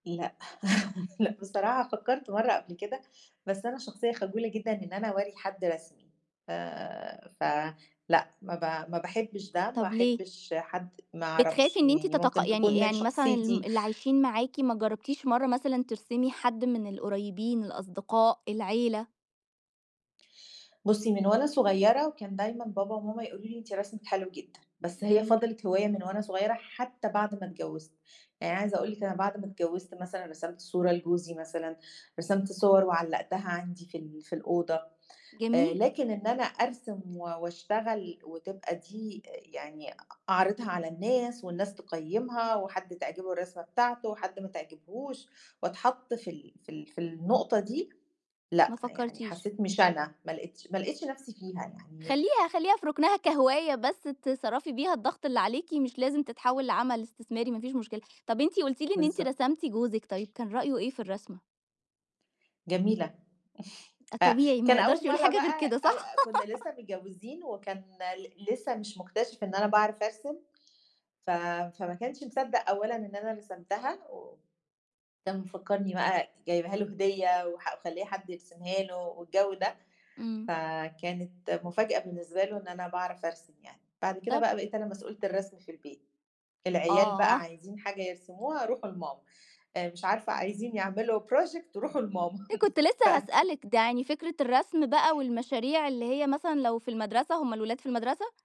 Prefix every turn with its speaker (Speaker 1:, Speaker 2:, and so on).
Speaker 1: لأ، لأ بصراحة فكّرت مرَّة قبْل كده، بس أنا شخصية خجولة جدًا إن أنا أورّي حد رسمي، ف ف لأ، ما ب ما باحبش ده، ما
Speaker 2: طَب ليه؟
Speaker 1: احبش حد ما
Speaker 2: بتخافي
Speaker 1: أعرفش،
Speaker 2: إن إنت
Speaker 1: يعني ممكن
Speaker 2: تتق
Speaker 1: تكون
Speaker 2: يعني
Speaker 1: من
Speaker 2: يعني مثلًا الم
Speaker 1: شخصيتي.
Speaker 2: اللي عايشين معاكِ ما جرّبتيش مرَّة مثلًا ترسمي حد من القريبين، الأصدقاء، العيلة؟
Speaker 1: بُصّي، من وأنا صغيّرة وكان دايمًا بابا وماما يقولوا لي: "إن أنتِ رسمِك حلو جدًا." بس هي
Speaker 2: جميل.
Speaker 1: فضِلِت هواية من وأنا صغيرة حتى بعد ما اتجوّزت، يعني عايزة أقول لِك أنا بَعد ما اتجوّزت مثلًا رسِمت صورة لجوزي مثلًا، رسِمت صوَر وعلّقتها عَندي في ال في الأوضة. آآ،
Speaker 2: جميل.
Speaker 1: لكن إن أنا أرسِم و وأشتغل وتبقى دي آآ، يعني أ أعرِضها على الناس والناس تقيّمها وحد تعجبه الرسمة بتاعته وحد ما تعجبهوش واتحَط في ال في ال في النقطة دي، لأ،
Speaker 2: ما
Speaker 1: يعني
Speaker 2: فكّرتيش.
Speaker 1: حسّيت مش أنا، ما لقيتش ما لقيتش نفْسي فيها يعني
Speaker 2: خلّيها خلّيها في رُكنها كهواية، بس تِصرّفي بيها الضغط اللي عليكِ، مش لازم تتحوّل لعمل إستثماري، ما فيش مشكلة. طَب أنتِ قلتِ لي إن أنتِ
Speaker 1: بالضبط.
Speaker 2: رسمتِ جوزِك، طيب كان رأيه إيه في الرسمة؟
Speaker 1: جميلة،
Speaker 2: أ
Speaker 1: أ
Speaker 2: طبيعي ما
Speaker 1: كان أول
Speaker 2: يقدَرش يقول
Speaker 1: مرَّة
Speaker 2: حاجة غير
Speaker 1: بقى
Speaker 2: كده،
Speaker 1: أو
Speaker 2: صح؟
Speaker 1: أ كنّا لسّه متجوزين وكان ل لسه مش مكتشِف إن أنا باعرَف أرسم، ف فما كانش مصدّق أولًا إن أنا رسمتها و كان مفكّرني بقى جايبها له هدية وح ومخليّة حد يرسمها له والجو ده،
Speaker 2: امم.
Speaker 1: فكانت مفاجأة بالنسبة له إن أنا باعرَف أرسم يعني. بَعد كده
Speaker 2: طَب
Speaker 1: بقى بقيت أنا مسؤولة الرسم في البيت، العيال بقى
Speaker 2: آه.
Speaker 1: عايزين حاجة يرسموها، رُوحوا لماما، أ مش عارفة عايزين يعملوا project رُوحوا لماما
Speaker 2: إ كنت
Speaker 1: ف
Speaker 2: لسه هاسألِك، ده يعني فكرة الرسم بقى والمشاريع اللي هي مثلًا لو في المدرسة هُم الولاد في المدرسة؟